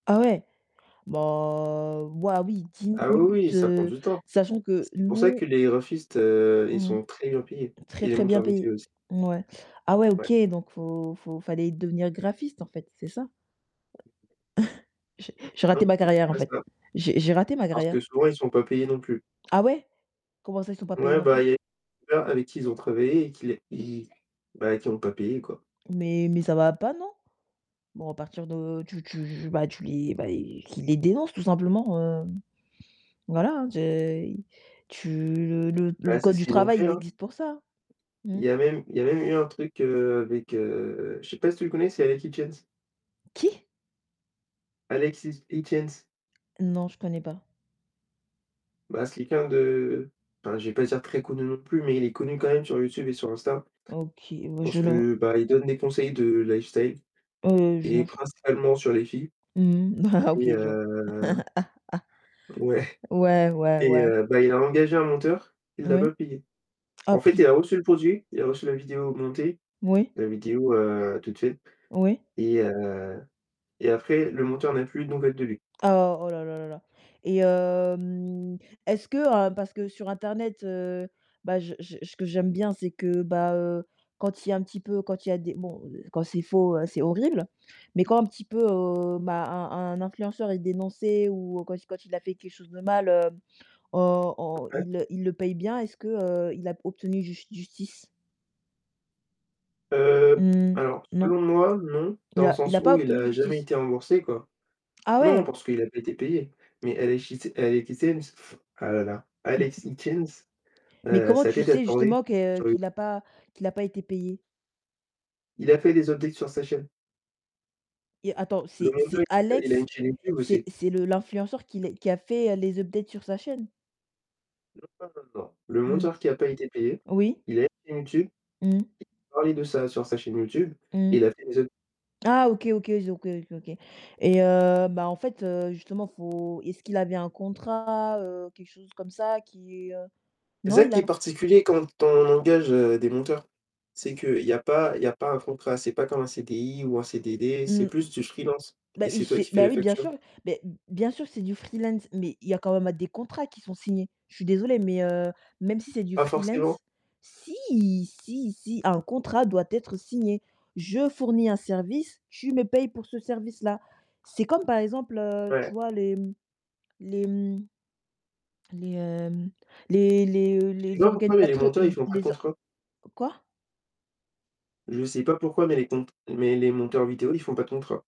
Ah ouais, bah, waouh oui, 10 Ah oui, oui, minutes, ça prend heu, du temps. sachant que C'est pour ça que nous les graphistes, heu, ils Mmh mh. sont très bien payés et Très, les très bien monteurs payé. vidéo aussi. Mouais. Ah ouais, Ouais. OK, donc faut faut fallait devenir graphiste en fait, c'est ça? J'ai j'ai raté Non, ma c'est carrière en pas fait. ça. J'ai j'ai raté ma Parce que carrière. souvent, ils sont pas payés non plus. Ah ouais? Comment ça, ils sont pas payés Ouais, non bah, plus? il y a [unintelligible] avec qui ils ont travaillé et qui les ils bah, qui ont pas payé, quoi. Mais mais ça va pas, non? Bon, à partir de tu tu bah, tu les bah, qu'ils les dénoncent tout simplement, heu, voilà, hein, te tu le le Bah, le c'est code ce du qu'ils ont travail, fait, il hein. existe pour ça, mmh. Il y a même il y a même eu un truc heu, avec, heu, je sais pas si tu le connais, c'est Alex Hitchens. Qui? Alex Hi Hitchens. Non, je connais pas. Bah, c'est quelqu'un de enfin, je vais pas dire très connu non plus, mais il est connu quand même sur YouTube et sur Insta. OK, bah Parce je la que, bah, il donne des conseils de lifestyle Heu, je et non, j principalement sur les filles. Mmh, bah, OK, Et je vois. heu ouais. Ouais, ouais, Et ouais. heu, bah, il a engagé un monteur, il l'a Oui. pas payé. Ah, En fait, pu il a reçu le produit, il a reçu la vidéo montée, Oui. la vidéo, heu, toute seule Oui. et heu et après le monteur n'a plus de nouvelles de lui. Oh, oh là là là là et hem, est-ce que, heu parce que sur internet, heu, bah, je je ce que j'aime bien, c'est que, bah, heu, quand il y a un petit peu quand il y a des bon quand c'est faux, c'est horrible. Mais quand un petit peu, heu, bah, un un influenceur est dénoncé ou quand il quand il a fait quelque chose de mal, heu, on on [unintelligible] il il le paye bien, est-ce que, heu, il a obtenu jus justice? Heu, Mmh, alors, non. selon moi, non, Il dans le a il sens a pas où il obtenu a jamais justice? été remboursé, quoi. Ah Non, ouais? parce qu'il a pas été payé. Mais Alex Hitch Alex Hitchens ah là là, Mmh. Alex Hitchens, Mais heu, comment sa tu tête a sais tourné justement que sur le qu'il a pas qu'il a pas été payé? Il a fait des updates sur sa chaîne. Et attends, Le c'est monteur, c'est il a il a une Alex chaîne YouTube c'est aussi. c'est le l'influenceur qui les qui a fait les updates sur sa chaîne? Non, non, non, le Mmh, monteur qui a pas été payé, oui. il a une chaîne YouTube, Mmh. il a parlé de ça sur sa chaîne YouTube, Mmh. il a fait des updates. Ah OK, OK, ils ont OK, OK, OK. Et heu, bah, en fait, heu, justement, faut est-ce qu'il avait un contrat, heu, quelque chose comme ça qui, heu C'est non, ça il qui a est particulier quand on engage, heu, des monteurs, c'est Ss qu'il y a pas il y a pas un contrat, c'est pas comme un CDI ou un CDD, c'est Mmh, plus du freelance bah, et il c'est toi s'est qui fais bah la oui, bien facture. sûr, mais b bien sûr, c'est du freelance, mais il y a quand même des contrats qui sont signés. Je suis désolée, mais heu, même si c'est du Pas forcément. freelance si! Si, si, un contrat doit être signé, je fournis un service, tu me paies pour ce service-là. C'est comme par exemple, heu, Ouais. tu vois, les les, mmh, les hem, les les, heu, Je sais les pas pourquoi, mais les organisateurs monteurs, ils l font pas de les o q contrat. quoi? Je sais pas pourquoi, mais les cont les monteurs vidéo, ils font pas de contrat.